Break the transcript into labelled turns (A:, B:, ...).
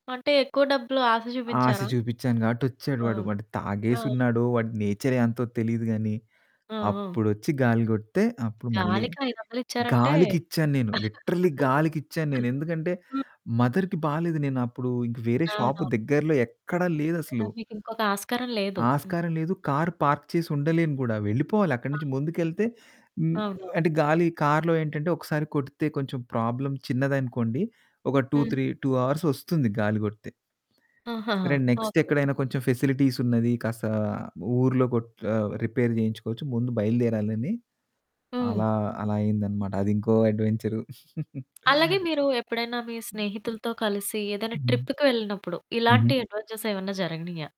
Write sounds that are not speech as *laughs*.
A: అంటే ఎక్కువ డబ్బులు ఆశ
B: ఆశ
A: చూపించారా?
B: చూపిచ్చాను కాబట్టి ఒచ్చాడు
A: ఆ!
B: వాడు. వాడు
A: ఆ!
B: తాగేసున్నాడో వాడి నేచరే అంతో తెలిదు గాని,
A: ఆ! ఆ!
B: అప్పుడొచ్చి గాలి కొడితే అప్పుడు మళ్ళి
A: గాలికి 500 ఇచ్చారంటే
B: గాలికిచ్చాను నేను లిటరల్లి గాలికిచ్చాను నేను. ఎందుకంటే
A: *laughs* హ్మ్.
B: మదర్‌కి బాలేదు. నేను అప్పుడు ఇంకా వేరే షాపు
A: అవునవును.
B: దగ్గరలో ఎక్కడ
A: ఎంతైనా
B: లేదసలు.
A: మీకింకొక ఆస్కారం లేదు. హ్మ్.
B: ఆస్కారం లేదు కార్ పార్క్ చేసుండలేను గూడా. వెళ్ళిపోవాలి అక్కడి నుంచి ముందుకెళ్తే హ్మ్,
A: అవును.
B: అంటే గాలి కార్లో ఏంటంటే ఒకసారి కొడితే కొంచెం ప్రాబ్లమ్ చిన్నదనుకోండి ఒక టు
A: హ్మ్.
B: త్రీ టు హార్స్ ఒస్తుంది గాలి కొడితే.
A: ఆహాహా!
B: సరే
A: ఓకే.
B: నెక్స్టెక్కడైనా కొంచెం ఫెసిలిటీస్ ఉన్నది కాస్త ఊర్లో కొట్ ఆహ్, రిపేర్ చేయించుకోవచ్చు. ముందు బయలుదేరాలని
A: హ్మ్.
B: అలా, అలా అయిందనమాట అది ఇంకో అడ్వెంచరు. *chuckles*
A: అలాగే మీరు ఎప్పుడైనా మీ స్నేహితులతో కలిసి ఏదైనా
B: హ్మ్.
A: ట్రిప్‌కి వెళ్ళినప్పుడు
B: హుహు.
A: ఇలాంటి అడ్వెంచర్స్ ఏమన్నా జరగనియా?